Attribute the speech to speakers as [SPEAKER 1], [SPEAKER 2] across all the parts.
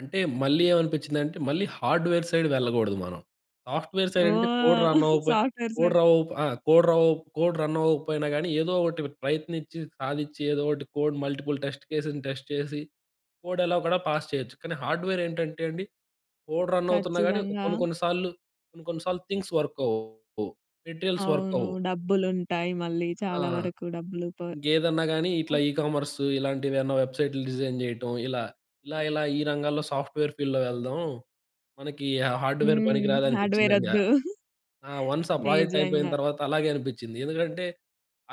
[SPEAKER 1] అంటే, మళ్ళీ ఏమనిపించిందంటే, మళ్ళీ హార్డ్‌వేర్ సైడ్ వెళ్ళకూడదు మనం. సాఫ్ట్‌వేర్ సైడ్ అంటే కోడ్
[SPEAKER 2] ఓహ్!
[SPEAKER 1] రన్ అవ్వకపోయి
[SPEAKER 2] సాఫ్ట్‌వేర్
[SPEAKER 1] కోడ్
[SPEAKER 2] సైడ్.
[SPEAKER 1] ర ఓప్ ఆ! కోడ్ ర ఓప్ కోడ్ రన్ అవ్వకపోయినా కానీ ఏదో ఒకటి ప్రయత్నించి సాధించి ఏదో ఒకటి కోడ్ మల్టిపుల్ టెస్ట్ కేస్‌ని టెస్ట్ చేసి కోడ్ ఎలాగోలా పాస్ చేయొచ్చు. కానీ, హార్డ్‌వేర్ ఏంటంటే అండి కోడ్ రన్ అవుతున్నా కానీ
[SPEAKER 2] ఖచ్చితంగా.
[SPEAKER 1] కొన్ని, కొన్ని సార్లు కొన్ని, కొన్ని సార్లు థింగ్స్ వర్క్ అవ్వవు. మెటీరియల్స్ వర్క్
[SPEAKER 2] అవును.
[SPEAKER 1] అవ్వవు.
[SPEAKER 2] డబ్బులుంటాయి మళ్ళీ
[SPEAKER 1] ఆ!
[SPEAKER 2] చాలా వరకు డబ్బులు ప
[SPEAKER 1] ఇంకేదన్నా గాని
[SPEAKER 2] అ
[SPEAKER 1] ఇట్లా ఈ కామర్సు, ఇలాంటివేమన్నా వెబ్‌సైట్స్ డిజైన్ జేయటం ఇలా. ఇలా, ఇలా ఈ రంగాల్లో సాఫ్ట్‌వేర్ ఫీల్డ్‌లో వెళ్దాం. మనకి హా హార్డ్‌వేర్ పనికి
[SPEAKER 2] హ్మ్.
[SPEAKER 1] రాదు అనిపించిందండి.
[SPEAKER 2] హార్డ్‌వేరోద్దు.
[SPEAKER 1] ఆ! వన్స్ ఆ ప్రాజెక్ట్ అయిపోయిన
[SPEAKER 2] నిజంగా.
[SPEAKER 1] తర్వాత అలాగే అనిపించింది. ఎందుకంటే,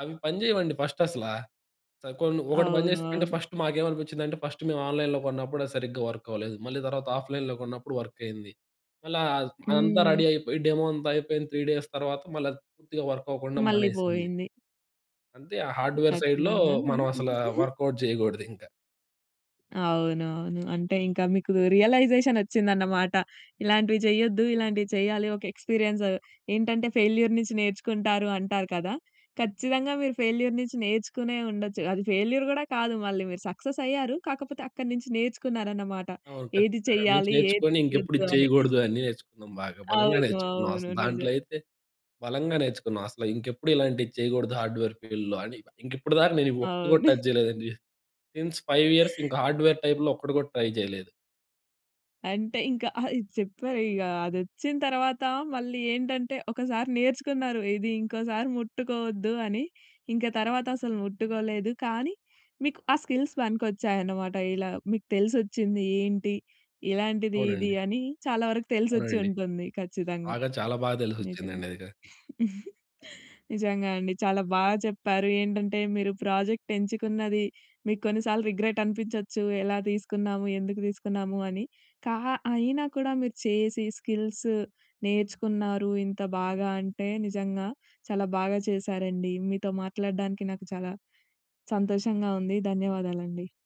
[SPEAKER 1] అవి పని చేయవండి ఫస్ట్ అసలా. స కొన్ని ఒకటి
[SPEAKER 2] అవును,
[SPEAKER 1] పనిచేస్తే అంటే
[SPEAKER 2] అవును.
[SPEAKER 1] ఫస్ట్ మాకేమనిపించిందంటే, ఫస్ట్ మేము ఆన్‌లైన్‌లో కొన్నప్పుడు అది సరిగ్గా వర్క్‌‌వ్వలేదు. మళ్ళీ తర్వాత ఆఫ్‌లైన్‌లో కొన్నప్పుడు వర్కైంది. మళ్ళీ అ అదంతా
[SPEAKER 2] హ్మ్.
[SPEAKER 1] రెడీయైపోయి డెమో అంతా అయిపోయింది. 3 డేస్ తర్వాత మళ్ళీ పూర్తిగా వర్క్ అవ్వకుండా
[SPEAKER 2] మళ్ళీ
[SPEAKER 1] మానేసింది.
[SPEAKER 2] పోయింది.
[SPEAKER 1] అంతే. ఆ హార్డ్‌వేర్ సైడ్‌లో
[SPEAKER 2] ఖచ్చితంగా. ఆ!
[SPEAKER 1] మనం అసలు వర్కౌట్ జేయకూడదింకా.
[SPEAKER 2] అవును. అవును. అంటే ఇంకా మీకు రియలైజేషన్ వచ్చిందన్నమాట. ఇలాంటివి చెయ్యొద్దు. ఇలాంటివి చెయ్యాలి. ఒక ఎక్స్‌పీరియన్స్, ఏంటంటే ఫెయిల్యూర్ నుంచి నేర్చుకుంటారు అంటారు కదా! ఖచ్చితంగా మీరు ఫెయిల్యూర్ నుంచి నేర్చుకునే ఉండొచ్చు. అది ఫెయిల్యూర్ కూడా కాదు, మళ్ళీ మీరు సక్సెస్ అయ్యారు, కాకపోతే అక్కడి నుంచి నేర్చుకున్నారన్నమాట.
[SPEAKER 1] అవును.
[SPEAKER 2] ఏది
[SPEAKER 1] ఖచ్చితంగా. నించి
[SPEAKER 2] చెయ్యాలి, ఏది
[SPEAKER 1] నేర్చుకొని ఇంకెప్పుడు
[SPEAKER 2] చేయొద్దు
[SPEAKER 1] ఇది
[SPEAKER 2] అని.
[SPEAKER 1] చేయకూడదు, అన్నీ నేర్చుకున్నాం బాగా బలంగా
[SPEAKER 2] అవును,
[SPEAKER 1] నేర్చుకున్నాం.
[SPEAKER 2] అవును.
[SPEAKER 1] అసలు దాంట్లో,
[SPEAKER 2] నిజం.
[SPEAKER 1] అయితే బలంగా నేర్చుకున్నాం. అసలు ఇంకెప్పుడు ఇలాంటివి చేయకూడదు హార్డ్‌వేర్ ఫీల్డ్‌లో అని. ఇంకప్పటి దాకా నేను ఒక్కటి కూడా
[SPEAKER 2] అవును.
[SPEAKER 1] టచ్ చేయలేదండి. సిన్స్ 5 ఇయర్స్ ఇంకా హార్డ్‌వేర్ టైప్‌లో ఒక్కటి కూడా ట్రై జేయలేదు.
[SPEAKER 2] అంటే, ఇంకా ఆహ్, ఇది చెప్పారిక అదొచ్చిన తర్వాత మళ్ళీ ఏంటంటే, ఒకసారి నేర్చుకున్నారు ఇది ఇంకోసారి ముట్టుకోవద్దు అని. ఇంక తర్వాత అసలు ముట్టుకోలేదు కానీ, మీకు ఆ స్కిల్స్ పనికొచ్చాయన్నమాట. ఇలా మీకు తెలిసొచ్చింది, ఏంటి, ఇలాంటిది ఇది
[SPEAKER 1] అవునండి.
[SPEAKER 2] అని చాలా వరకు తెలిసొచ్చి
[SPEAKER 1] అవునండి.
[SPEAKER 2] ఉంటుంది, ఖచ్చితంగా.
[SPEAKER 1] బాగా, చాలా బాగా
[SPEAKER 2] నిజమే.
[SPEAKER 1] తెలిసొచ్చిందండి అది క
[SPEAKER 2] నిజంగా అండి. చాలా బాగా చెప్పారు. ఏంటంటే మీరు ప్రాజెక్ట్ ఎంచుకున్నది, మీకు కొన్నిసార్లు రిగ్రెట్ అనిపించొచ్చు. ఎలా తీసుకున్నాము, ఎందుకు తీసుకున్నాము, అని కా అయినా కూడా మీరు చేసి స్కిల్స్ నేర్చుకున్నారు. ఇంత బాగా అంటే, నిజంగా చాలా బాగా చేశారండి. మీతో మాట్లాడడానికి నాకు చాలా సంతోషంగా ఉంది. ధన్యవాదాలండి.